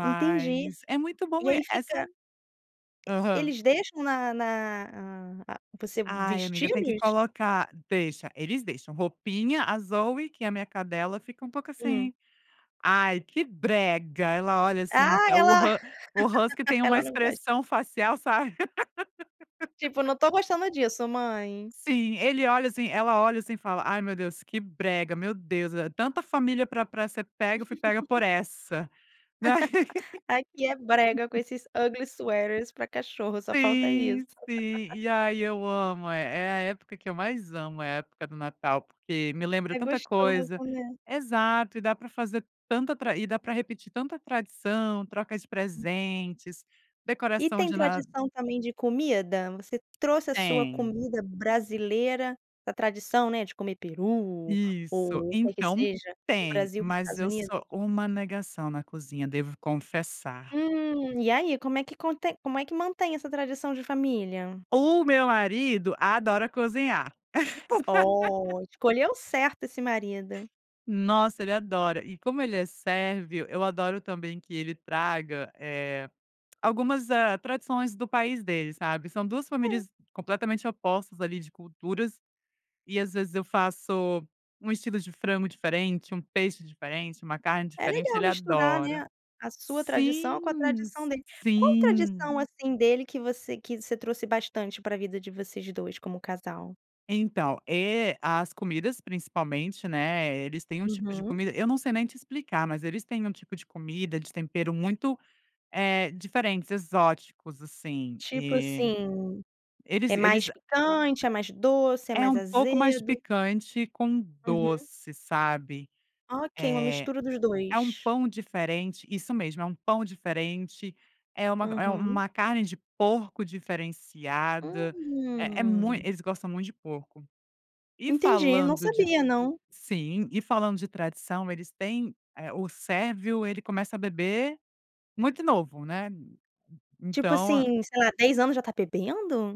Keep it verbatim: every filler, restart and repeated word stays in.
Entendi. é muito E bom e, aí eh, são fica Aham. eles deixam na na ah ah, você Ai amiga, tem que vesti-los? colocar deixa, eles deixam. Roupinha, a Zoey, que é a minha cadela, fica um pouco Hum. assim: "Ai, que brega", ela olha assim, Ah, o ela hu o husky tem uma ela não gosta. expressão facial, sabe. Tipo, "não estou gostando disso mãe". Sim, ele olha assim ela olha assim e fala: "Ai meu Deus, que brega, meu Deus, eh, tanta família para para ser pega, eu fui pega por essa", né. Aqui é brega, com esses ugly sweaters para cachorro, só falta isso. Sim, sim. E aí eu amo, é é a época que eu mais amo, é a época do Natal, porque me lembra É tanta coisa. gostoso, né. Exato, e dá para fazer tanta tra e dá para repetir tanta tradição, troca de [unintelligible] presentes, E decoração tem de Na tradição, também, de comida? Você trouxe a sua Tem. comida brasileira, a tradição, né, de comer peru Isso. ou o que que Então seja, do tem, Brasil para os mas Estados eu Unidos? sou uma negação na cozinha, devo confessar. Hum. E aí, como é que contém como é que mantém essa tradição de família? O meu marido adora cozinhar. Oh, escolheu certo esse marido. Nossa, ele adora. E como ele é sérvio, eu adoro também que ele traga, eh, algumas, ah, tradições do país dele, sabe. São duas É. famílias completamente opostas, ali, de culturas, e às vezes eu faço um estilo de frango diferente, um peixe diferente, uma carne É diferente, legal ele misturar, adora. né, a sua tradição com a Sim, tradição s dele. Qual sim. tradição, assim, dele que você que você trouxe bastante para vida de vocês dois como casal? Então, e as comidas, principalmente, né, eles têm um tipo de Uhum. comida eu não sei nem explicar, mas eles têm um tipo de comida, de tempero muito, eh, diferentes, exóticos assim, Tipo eh, assim, eles é eles mais picante, é mais doce, é É mais um pouco mais azedo? picante com Uhum. doce, sabe. Ok, uma mistura dos Eh, é um dois. pão diferente isso mesmo, é um pão diferente, é uma é Uhum. uma carne de porco diferenciada, é é mui Hum. eles gostam muito de porco. E Entendi, não falando de sabia não. sim, e falando de tradição, eles têm, eh, o sérvio, ele começa beber muito novo, né, Tipo então assim, a sei lá, dez anos já está bebendo?